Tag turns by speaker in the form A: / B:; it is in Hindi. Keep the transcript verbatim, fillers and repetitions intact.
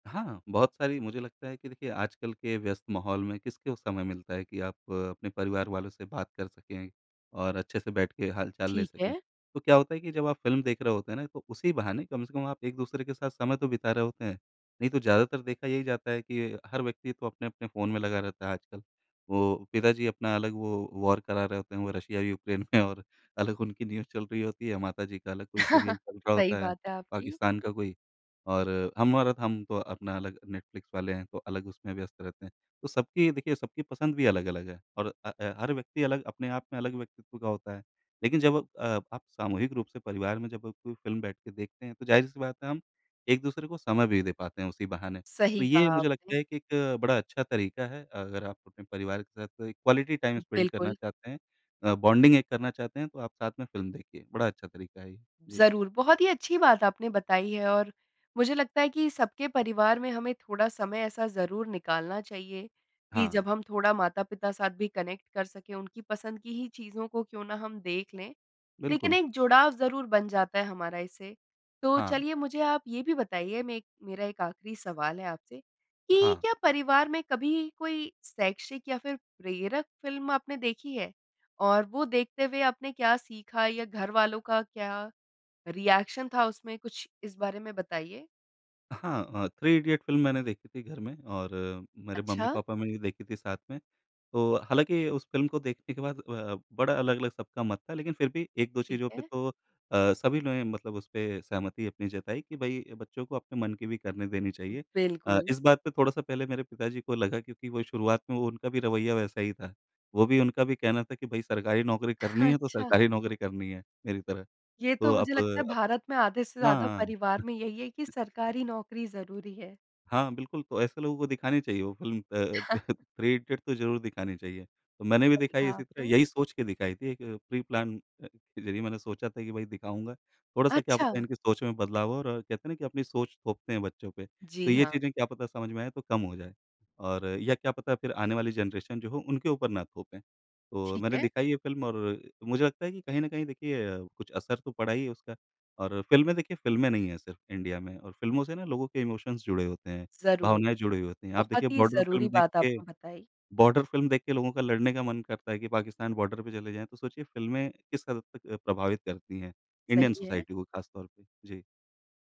A: हाँ, बहुत सारी मुझे लगता है कि देखिए, आजकल के व्यस्त माहौल में किसको समय मिलता है कि आप अपने परिवार वालों से बात कर सकें और अच्छे से बैठ के हाल-चाल ले
B: ठीक
A: सकें।
B: है।
A: तो क्या होता है कि जब आप फ़िल्म देख रहे होते हैं ना, तो उसी बहाने कम से कम आप एक-दूसरे के साथ समय तो बिता रहे होते हैं। नहीं तो ज़्यादातर देखा यही जाता है कि हर व्यक्ति तो अपने-अपने फ़ोन में लगा रहता है आजकल। वो पिता जी अपना अलग वो वॉर करा रहे होते हैं, वो रशिया यूक्रेन में और अलग उनकी न्यूज़ चल रही होती है, माता जी का अलग कोई सीरियल चल रहा
B: सही
A: होता है
B: बात
A: प
B: है आपकी।
A: पाकिस्तान का कोई और हम और हम तो अपना अलग नेटफ्लिक्स वाले हैं तो अलग उसमें व्यस्त रहते हैं। तो सबकी देखिए सबकी पसंद भी अलग-अलग है और अ, ऐ हर व्यक्ति अलग अपने आप में अलग व्यक्तित्व का होता है। लेकिन जब अ, आप सामूहिक रूप से परिवार में जब आप कोई फ़िल्म बैठ के देखते हैं तो ज़ाहिर-सी बात है हम एक-दूसरे को समय भी दे पाते हैं उसी बहाने। तो
B: सही
A: ये
B: कहा
A: मुझे लगता
B: आपने।
A: है कि एक बड़ा अच्छा तरीका है। अगर आप अपने परिवार के साथ कोई क्वालिटी टाइम स्पेंड करना
B: बिल्कुल।
A: चाहते हैं अ, बॉन्डिंग एक करना चाहते हैं तो आप साथ में फ़िल्म देखिए। बड़ा अच्छा तरीका है ये। जी।
B: ज़रूर, बहुत ही अच्छी बात आपने बताई है और मुझे लगता है कि सबके परिवार में हमें थोड़ा समय ऐसा ज़रूर निकालना चाहिए, कि
A: हाँ।
B: जब हम थोड़ा माता-पिता साथ भी कनेक्ट कर सकें। उनकी पसंद की ही चीज़ों को क्यों ना हम देख लें, लेकिन
A: बिल्कुल।
B: एक जुड़ाव ज़रूर बन जाता है हमारा इससे। तो
A: हाँ।
B: चलिए, मुझे आप ये भी बताइए, मे मेरा एक आखरी सवाल है आपसे, कि
A: हाँ।
B: क्या परिवार में कभी कोई शैक्षिक या फ़िर प्रेरक फ़िल्म आपने देखी है? और वो देखते हुए आपने क्या सीखा या घरवालों का क्या रिएक्शन था उसमें, कुछ इस बारे में बताइए?
A: अ, हाँ अ, थ्री इडियट्स फ़िल्म मैंने देखी थी घर में और मेरे
B: अच्छा।
A: मम्मी-पापा ने भी देखी थी साथ में। तो हालाँकि उस फ़िल्म को देखने के बाद अ, बड़ा अलग-अलग सबका मत था लेकिन फिर भी एक दो
B: ठीक
A: चीज़ों पे
B: है।
A: तो अ, सभी ने मतलब उस पे सहमति अपनी जताई कि, "भई, बच्चों को अपने मन की भी करने देनी चाहिए।" अ,
B: बिल्कुल।
A: इस बात पे थोड़ा-सा पहले मेरे पिताजी को लगा क्योंकि वो शुरुआत में वो उनका भी रवैया वैसा ही था। वो भी उनका भी कहना था कि, "भई, सरकारी नौकरी करनी है तो
B: अच्छा।
A: सरकारी नौकरी करनी है, मेरी तरह।"
B: ये
A: तो
B: तो
A: अब
B: मुझे लगता है
A: अब
B: भारत में आधे से
A: हाँ,
B: ज़्यादा
A: हाँ।
B: परिवार में यही है कि सरकारी नौकरी ज़रूरी है।
A: हाँ, बिल्कुल तो ऐसे लोगों को दिखानी चाहिए वो फ़िल्म अ, थ्री इडियट तो ज़रूर दिखानी चाहिए। तो मैंने भी
B: सही
A: दिखाई
B: कहा
A: इसी तरह
B: आपने।
A: यही सोच के दिखाई थी एक प्री-प्लान अ, के ज़रिए मैंने सोचा था कि भई दिखाऊँगा। थोड़ा-सा क्या पता है
B: अच्छा।
A: इनकी सोच में बदलाव हो और कहते हैं ना कि अपनी सोच थोपते हैं बच्चों पे। तो
B: जी,
A: ये
B: हाँ।
A: चीज़ें क्या पता समझ में आएँ तो कम हो जाएँ, और या क्या पता फिर आने वाली जनरेशन जो हो, उनके ऊपर ना थोपें। तो
B: ठीक
A: मैंने
B: है।
A: दिखाई ये फ़िल्म और मुझे लगता है कि कहीं न कहीं अ, देखिए कुछ असर तो पड़ा ही है उसका और फ़िल्में देखिए फ़िल्में नहीं हैं सिर्फ़ इंडिया में और फ़िल्मों से ना लोगों के इमोशन्स जुड़े होते हैं,
B: ज़रूर।
A: भावनाएँ जुड़ी हुई होती हैं। आप देखिए,
B: बहुत ही
A: बॉर्डर फ़िल्म
B: ज़रूरी
A: देख
B: बात
A: के
B: आपने बताई।
A: बॉर्डर फ़िल्म देख के लोगों का लड़ने का मन करता है कि पाकिस्तान बॉर्डर पे चले जाएँ। तो सोचिए, फ़िल्में किस हद तक अ, प्रभावित करती हैं इंडियन
B: सही है।
A: सोसाइटी को ख़ासतौर पे। जी।